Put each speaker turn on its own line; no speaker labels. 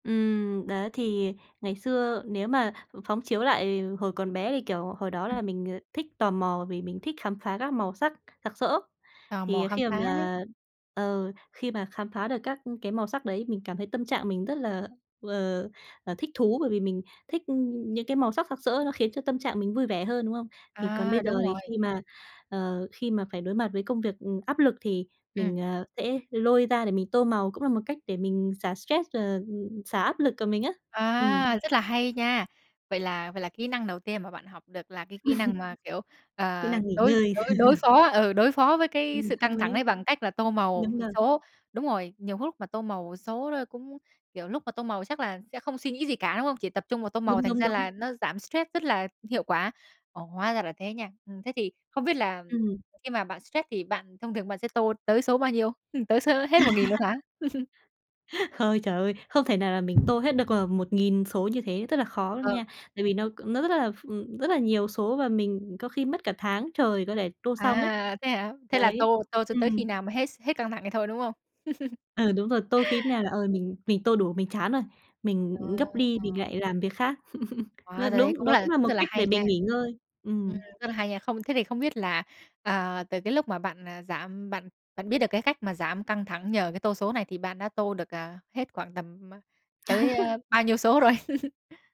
Ừm, đấy, thì ngày xưa nếu mà phóng chiếu lại hồi còn bé thì, kiểu, hồi đó
Ừm.
là mình thích tò mò vì mình thích khám phá các màu sắc sặc sỡ,
Tò mò
thì
khám
khi m
phá ấy.
mà ờ, khi mà khám phá được các cái màu sắc đấy, mình cảm thấy tâm trạng mình rất là, ờ, thích thú bởi vì mình thích những cái màu sắc sặc sỡ nó khiến cho tâm trạng mình vui vẻ hơn, đúng không? Thì còn
À,
bây giờ
đúng
thì
rồi.
khi mà, ờ, khi mà phải đối mặt với công việc, ừm, áp lực thì
Ừm.
mình, ờ, sẽ lôi ra để mình tô màu, cũng là một cách để mình xả stress, ờ, xả áp lực của mình á. Ừm.
À, rất là hay nha! Vậy là vậy là kỹ năng đầu tiên mà bạn học được là cái kỹ năng mà, kiểu,
Kỹ
ờ,
năng nghỉ
đối
ngơi.
đối đối phó ừ, đối phó với cái
Ừm,
sự
hợp
căng thẳng
lý.
ấy bằng cách là tô màu
Đúng rồi.
số đúng rồi. Nhiều lúc mà tô màu số đó cũng, kiểu, lúc mà tô màu chắc là sẽ không suy nghĩ gì cả, đúng không? Chỉ tập trung vào tô màu,
Đúng,
thành
đúng,
ra
đúng.
là nó giảm stress rất là hiệu quả. Ồ, hóa ra là thế nha! Ừm, thế thì không biết là
Ừm.
khi mà bạn stress thì bạn thông thường bạn sẽ tô tới số bao nhiêu? Ừm, tới số hết 1.000 luôn hả?
Ơi trời ơi! Không thể nào là mình tô hết được, ờ, 1.000 số như thế, rất là khó luôn
Ờ.
nha, tại vì nó nó rất là ph rất là nhiều số và mình có khi mất cả tháng trời có thể tô xong ấy.
À, thế hả? Thế là
Đấy,
tô tô cho tới khi
ừm.
nào mà hết s hết căng thẳng thì thôi, đúng không?
Ừ, đúng rồi, tô khi nào là, ờ, mình mình tô đủ, mình chán rồi, mình
À,
gấp đi mình
à.
lại làm việc khác. Ơ,
Hóa ra đấy
đúng,
cũng
đó
là
cũng là
cũng
một
rất là
cách để
hay nha!
mình nghỉ ngơi,
Ừm,
ừm.
rất là hay nha! Không thế thì không biết là, à, từ cái lúc mà bạn, à, giảm bạn bạn biết được cái cách mà giảm căng thẳng nhờ cái tô số này thì bạn đã tô được, ờ, hết khoảng tầm tới bao nhiêu số rồi?